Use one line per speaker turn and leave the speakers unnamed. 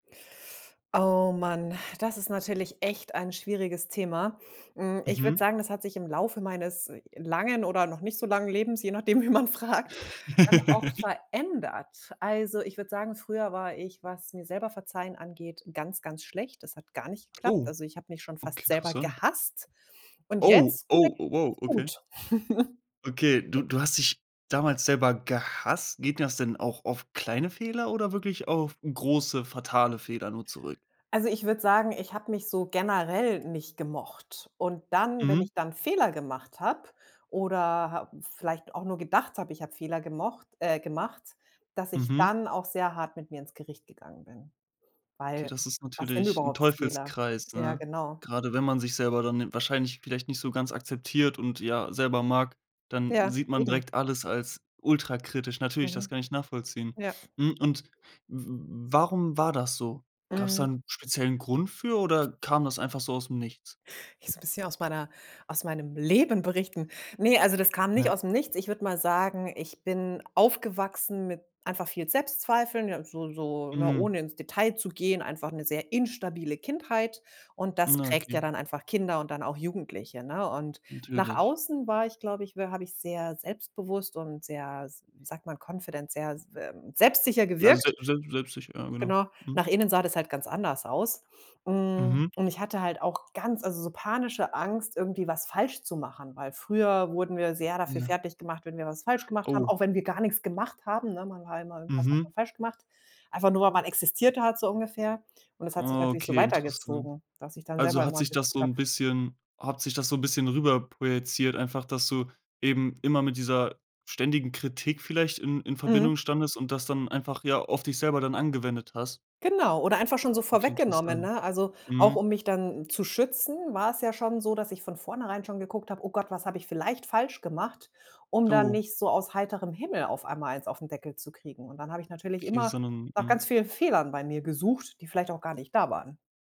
Oh, man, das ist natürlich echt ein schwieriges Thema. Hm, ich würde
Mhm.
sagen, das hat sich im Laufe meines langen oder noch nicht so langen Lebens, je nachdem, wen man fragt, ähm, auch verändert. Also, ich würde sagen, früher war ich, was mir selber verzeihen angeht, ganz, ganz schlecht. Das hat gar nicht geklappt.
Oh,
Also, ich habe mich schon
okay,
fast selber
interessant.
gehasst und
Oh,
jetzt gelingt
oh, oh, wow,
es mir ganz
okay.
gut.
Okay, du du hast dich damals selber gehasst. Geht das denn auch auf kleine Fehler oder wirklich auf große fatale Fehler nur zurück?
Also, ich würde sagen, ich habe mich so generell nicht gemocht. Und dann wenn
Mhm.
ich dann Fehler gemacht habe oder ha vielleicht auch nur gedacht habe, ich habe Fehler gemocht äh, gemacht, dass ich
Mhm.
dann auch sehr hart mit mir ins Gericht gegangen bin.
Okay,
Weil,
das ist
was sind
natürlich 'n
überhaupt Fehler?
Teufelskreis,
Ja,
ne?
genau.
Gerade wenn man sich selber dann wahrscheinlich vielleicht nicht so ganz akzeptiert und ja, selber mag, dann
Ja,
sieht man
eben.
direkt alles als ultrakritisch. Natürlich, das
Mhm.
kann ich nachvollziehen.
Ja.
Mhm. Und w w warum war das so? Gab's da
Mhm.
'n speziellen Grund für oder kam das einfach so aus 'm Nichts?
Ich so 'n bisschen aus meiner aus meinem Leben berichten. Ne, also das kam nicht
Ja.
aus 'm Nichts. Ich würde mal sagen, ich bin aufgewachsen mit einfach viel Selbstzweifeln, ja, so so ne,
Mhm.
ohne ins Detail zu gehen, einfach 'ne sehr instabile Kindheit. Und das
Ja,
prägt ja
okay.
dann einfach Kinder und dann auch Jugendliche, ne? Und nach
Natürlich.
außen war ich, glaube ich, w habe ich sehr selbstbewusst und sehr, s wie sagt man, confident, sehr selbstsicher
Ja,
gewirkt.
selbst selbst selbstsicher, ja genau.
Genau.
Mhm.
Nach innen sah das halt ganz anders aus. Hm,
Mhm.
und ich hatte halt auch ganz also, so panische Angst, irgendwie was falsch zu machen, weil früher wurden wir sehr dafür
Ja.
fertiggemacht, wenn wir was falsch gemacht haben,
Oh.
auch wenn wir gar nix gemacht haben, ne? Man war immer irgendwas hat man
Mhm.
falsch gemacht, einfach nur, weil man existiert hat, so ungefähr. Und das hat sich natürlich so
Okay, interessant.
weitergezogen, dass ich dann selber
Also, hat
immer
sich das so
geguckt habe.
'n bisschen hat sich das so 'n bisschen rüber projiziert einfach, dass du eben immer mit dieser ständigen Kritik vielleicht in in
Mhm.
Verbindung standest und das dann einfach ja auf dich selber dann angewendet hast?
Genau. Oder einfach schon so
Okay,
vorweggenommen,
interessant.
ne? Also, auch
Mhm.
um mich dann zu schützen, war es ja schon so, dass ich von vornherein schon geguckt habe: „Oh Gott, was habe ich vielleicht falsch gemacht“, um da
Oh.
nicht so aus heiterem Himmel auf einmal eins auf 'n Deckel zu kriegen. Und dann habe ich natürlich immer
[unintelligible]
nach
Mhm.
ganz vielen Fehlern bei mir gesucht, die vielleicht auch gar nicht da waren.